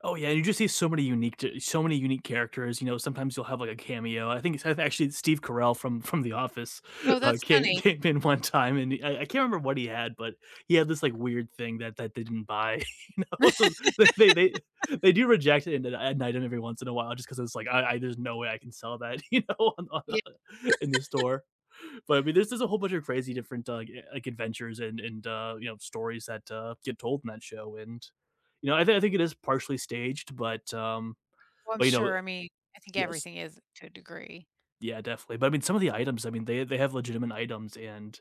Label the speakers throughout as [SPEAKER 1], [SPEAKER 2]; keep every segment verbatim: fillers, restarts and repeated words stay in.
[SPEAKER 1] Oh, yeah, you just see so many unique t so many unique characters, you know, sometimes you'll have like a cameo. I think it's actually Steve Carell from from the Office.
[SPEAKER 2] Oh,
[SPEAKER 1] uh,
[SPEAKER 2] that's
[SPEAKER 1] came,
[SPEAKER 2] funny.
[SPEAKER 1] came in one time and i I can't remember what he had, but he had this like weird thing that that they didn't buy, you know, so they, they, they do reject it in that at night and every once in a while just 'cause it's, like, "I I, there's no way I can sell that, you know,
[SPEAKER 2] Yeah.
[SPEAKER 1] in the store, but I mean, this is a whole bunch of crazy different d uh, like adventures and and, uh, you know, stories that, uh, get told in that show and you know, I think I think it is partially staged, but, um,
[SPEAKER 2] Well, I'm
[SPEAKER 1] but, l you know,
[SPEAKER 2] sure, I mean, I think
[SPEAKER 1] yes.
[SPEAKER 2] everything is to a degree.
[SPEAKER 1] Yeah, definitely, but I mean some of the items, I mean, they they have legitimate items and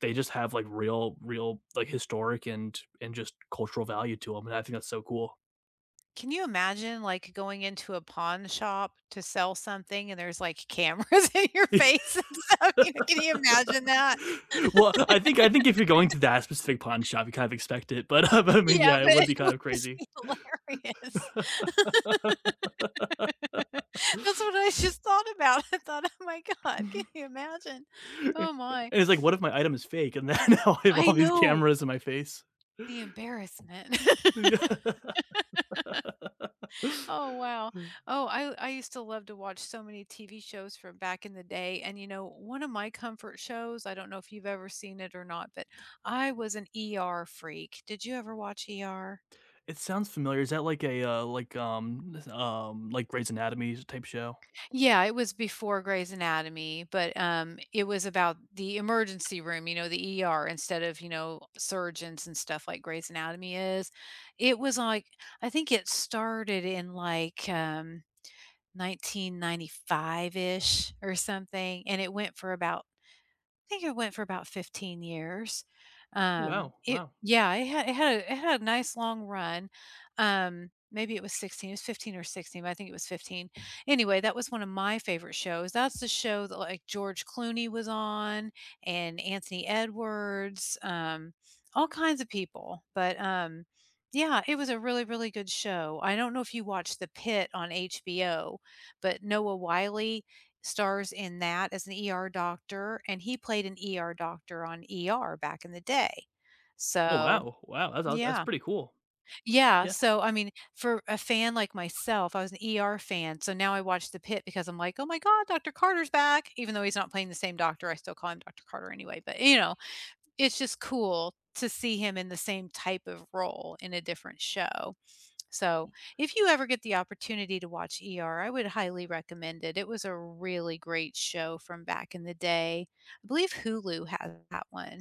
[SPEAKER 1] they just have like real real, like historic and and just cultural value to 'em, and I think that's so cool.
[SPEAKER 2] Can you imagine like going into a pawn shop to sell something and there's like cameras in your face and stuff, you know, can you imagine that?
[SPEAKER 1] Well, I think I think if you're going to that specific pawn shop, you kind of expect it, but, uh, I mean,
[SPEAKER 2] Yeah,
[SPEAKER 1] yeah, it
[SPEAKER 2] but
[SPEAKER 1] would
[SPEAKER 2] it
[SPEAKER 1] be kind
[SPEAKER 2] would
[SPEAKER 1] of
[SPEAKER 2] just
[SPEAKER 1] crazy.
[SPEAKER 2] be hilarious. That's what I just thought about. I thought, "Oh my God, can you imagine?"
[SPEAKER 1] I
[SPEAKER 2] Oh
[SPEAKER 1] i
[SPEAKER 2] my.
[SPEAKER 1] it's like, what if my item is fake and then I have
[SPEAKER 2] I
[SPEAKER 1] all these
[SPEAKER 2] know.
[SPEAKER 1] cameras in my face.
[SPEAKER 2] The embarrassment.
[SPEAKER 1] Yeah.
[SPEAKER 2] Oh wow.
[SPEAKER 1] Uh.
[SPEAKER 2] Oh, I I used to love to watch so many TV shows from back in the day and you know, one of my comfort shows, I don't know if you've ever seen it or not, but I was an ER freak. Did you ever watch ER?
[SPEAKER 1] It sounds familiar. Is that like a, uh, like, um, um, like Grey's Anatomys type show?
[SPEAKER 2] Yeah, it was before Grey's Anatomy but, um, it was about the emergency room, you know, the ER instead of, you know, surgeons and stuff like Grey's Anatomy is, it was like, I think it started in like um 1995-ish or something and it went for about, I think it went for about fifteen years, um,
[SPEAKER 1] Wow,
[SPEAKER 2] it,
[SPEAKER 1] wow.
[SPEAKER 2] yeah, it had it had it had a nice long run, um, maybe it was sixteen, it was fifteen or sixteen, but I think it was fifteen. Anyway, that was one of my favorite shows. That's the show that, like, George Clooney was on and Anthony Edwards, um, all kinds of people, but, um, yeah, it was a really, really good show. I don't know if you watched The Pitt on HBO, but Noah Wiley stars in that as an ER doctor and he played an ER doctor on ER back in the day,
[SPEAKER 1] Oh
[SPEAKER 2] so,
[SPEAKER 1] wow, wow, that's awes that's
[SPEAKER 2] yeah.
[SPEAKER 1] pretty cool.
[SPEAKER 2] Yeah,
[SPEAKER 1] Yeah.
[SPEAKER 2] so, I mean, for a fan like myself, I was an ER fan, so now I watch the Pit because I'm, like, "Oh my God, Doctor Carter's back," even though he's not playing the same doctor, I still call him Doctor Carter anyway, but, you know, it's just cool to see him in the same type of role in a different show, so, if you ever get the opportunity to watch ER I would highly recommend it. It was a really great show from back in the day. I believe Hulu has that one.